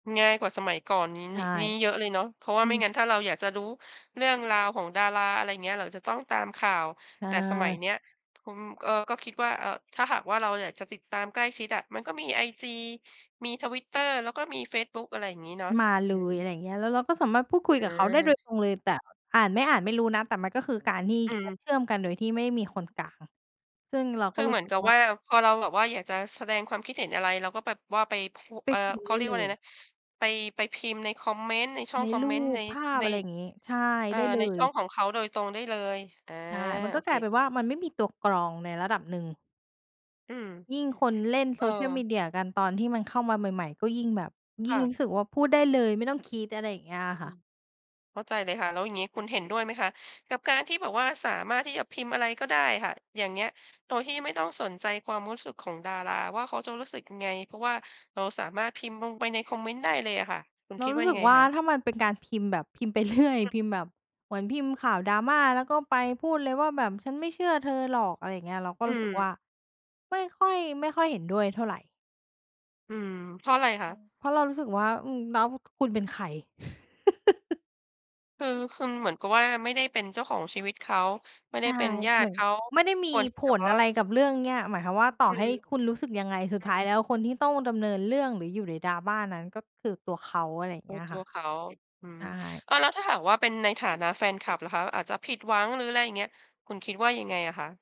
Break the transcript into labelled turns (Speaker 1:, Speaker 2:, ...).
Speaker 1: ง่ายกว่าสมัยก่อนนี้
Speaker 2: ใช
Speaker 1: นิ
Speaker 2: ่
Speaker 1: นี้เยอะเลยเนาะ เพราะว่า
Speaker 2: อื
Speaker 1: ไม่
Speaker 2: อ
Speaker 1: งั้นถ้าเราอยากจะรู้เรื่องราวของดารา อะไรอย่างเงี้ย เราจะต้องตามข่าว
Speaker 2: อ
Speaker 1: แต่สมัย
Speaker 2: า
Speaker 1: เนี้ย ทุ่ม เออ ก็คิดว่า เอ่อ ถ้าหากว่าเราอยากจะติดตามใกล้ชิดอะ มันก็มีไอจี มี Twitter แล้วก็มีเฟซบุ๊ก อะไรอย่างงี้เนาะ
Speaker 2: มาเล
Speaker 1: อื
Speaker 2: ย อะไรอย
Speaker 1: อ
Speaker 2: ่างเงี้ย แล้วเราก็สามารถพูดคุย
Speaker 1: อ
Speaker 2: กับเขาได้โดยตรงเลย แต่
Speaker 1: า
Speaker 2: อ่านไม่อ่านไม่รู้นะ แต่มันก็คือการที่
Speaker 1: อื
Speaker 2: กา
Speaker 1: ม
Speaker 2: รเชื่อมกันโดยที่ไม่มีคนกลาง ซึ่งเรา
Speaker 1: ค
Speaker 2: ก็
Speaker 1: ือ
Speaker 2: ร
Speaker 1: เ
Speaker 2: ู้
Speaker 1: หมือ
Speaker 2: สึ
Speaker 1: น
Speaker 2: ก
Speaker 1: กับ
Speaker 2: ว่า
Speaker 1: ว่า พอเราแบบว่าอยากจะแสดงความคิดเห็นอะไร เราก็แบบว่าไปโพ
Speaker 2: ไป
Speaker 1: เอ่อ
Speaker 2: พิมพ
Speaker 1: เข
Speaker 2: ์ไ
Speaker 1: า
Speaker 2: ด้
Speaker 1: เรียก
Speaker 2: เ
Speaker 1: ว
Speaker 2: ล
Speaker 1: ่าอะไร
Speaker 2: ย
Speaker 1: นะ ไป ไปพิมพ์ในคอมเมนต์ ในช่อ
Speaker 2: ใ
Speaker 1: ง
Speaker 2: น
Speaker 1: คอม
Speaker 2: ร
Speaker 1: เม
Speaker 2: ู
Speaker 1: นต์ ใ
Speaker 2: ป
Speaker 1: น
Speaker 2: ภาพ
Speaker 1: ใน
Speaker 2: อะไรอย่างงี้ ใช่
Speaker 1: เอ่อ
Speaker 2: ได้เล
Speaker 1: ในช
Speaker 2: ย
Speaker 1: ่องของเขาโดยตรงได้เลย อา
Speaker 2: ใช่ มัน
Speaker 1: โ
Speaker 2: ก
Speaker 1: อ
Speaker 2: ็
Speaker 1: เ
Speaker 2: ก
Speaker 1: ค
Speaker 2: ลายเป็นว่า มันไม่มีตัวกรองในระดับหนึ่ง
Speaker 1: อืม
Speaker 2: ยิ่งคนเล่น
Speaker 1: เออ
Speaker 2: social media กัน ตอนที่มันเข้ามาใหม่ ๆ ก็ยิ่งแบบ ย
Speaker 1: ค
Speaker 2: ิ่
Speaker 1: ่
Speaker 2: งร
Speaker 1: ะ
Speaker 2: ู้สึกว่าพูดได้เลย ไม่ต้องคิด อะไรอย่างเงี้ยอะ
Speaker 1: อ
Speaker 2: ค
Speaker 1: ื
Speaker 2: ่ะ
Speaker 1: ม เข้าใจเลยค่ะ แล้วอย่างงี้คุณเห็นด้วยไหมคะกับการที่แบบว่าสามารถที่จะพิมพ์อะไรก็ได้อะค่ะ อย่างเงี้ย โดยที่ไม่ต้องสนใจความรู้สึกของดาราว่าเขาจะรู้สึกยังไง เพราะว่าเราสามารถพิมพ์ลงไปในคอมเมนต์ได้เลยอะค่ะ คุณ
Speaker 2: เรา
Speaker 1: คิด
Speaker 2: ร
Speaker 1: ว
Speaker 2: ู
Speaker 1: ่
Speaker 2: ้
Speaker 1: า
Speaker 2: ส
Speaker 1: ยั
Speaker 2: ึ
Speaker 1: ง
Speaker 2: ก
Speaker 1: ไง
Speaker 2: ว่า
Speaker 1: คะ?
Speaker 2: ถ้ามันเป็นการพิมพ์ แบบพิมพ์ไป เรื่อย พิมพ์แบบ เหมือนพิมพ์ข่าว drama แล้วก็ไปพูดเลยว่าแบบ "ฉันไม่เชื่อเธอหรอก" อะไรอย่างเงี้ย เราก็
Speaker 1: อื
Speaker 2: รู้สึก
Speaker 1: ม
Speaker 2: ว่าไม่ค่อย ไม่ค่อยเห็นด้วยเท่าไร
Speaker 1: อืม เพราะอะไรค
Speaker 2: อ
Speaker 1: ะ?
Speaker 2: ือ เพราะเรารู้สึกว่า อืม แล้ว คุณเป็นใคร?
Speaker 1: คือคุณเหมือนกับว่าไม่ได้เป็นเจ้าของชีวิตเขา ไม่ไ
Speaker 2: ใช
Speaker 1: ด้
Speaker 2: ่
Speaker 1: เป็นญา
Speaker 2: เหม
Speaker 1: ต
Speaker 2: ื
Speaker 1: ิ
Speaker 2: อน
Speaker 1: เขา
Speaker 2: ไม่ได
Speaker 1: ไ
Speaker 2: ้
Speaker 1: ม่
Speaker 2: มี
Speaker 1: ควรที
Speaker 2: ผ
Speaker 1: ่จะแบ
Speaker 2: ล
Speaker 1: บว่
Speaker 2: อะไร
Speaker 1: า
Speaker 2: กับเรื่องเนี้ย หมายความว่าต่อ
Speaker 1: อื
Speaker 2: ให้
Speaker 1: ม
Speaker 2: คุณรู้สึกยังไง สุด
Speaker 1: อ
Speaker 2: ท้า
Speaker 1: ื
Speaker 2: ย
Speaker 1: ม
Speaker 2: แล้วคนที่ต้องดำเนินเรื่อง หรืออยู่ใน drama นั้น ก็คือตัวเขา อะไรอย่าง
Speaker 1: เป
Speaker 2: เ
Speaker 1: ิ
Speaker 2: งี้
Speaker 1: ด
Speaker 2: ย
Speaker 1: ตั
Speaker 2: ค่
Speaker 1: ว
Speaker 2: ะ
Speaker 1: เขา อื
Speaker 2: ใช
Speaker 1: อ
Speaker 2: ่
Speaker 1: เออ แล้วถ้าหากว่าเป็นในฐานะแฟนคลับล่ะคะ อาจจะผิดหวัง หรืออะไรอย่างเงี้ย คุณคิดว่ายังไงอะคะ?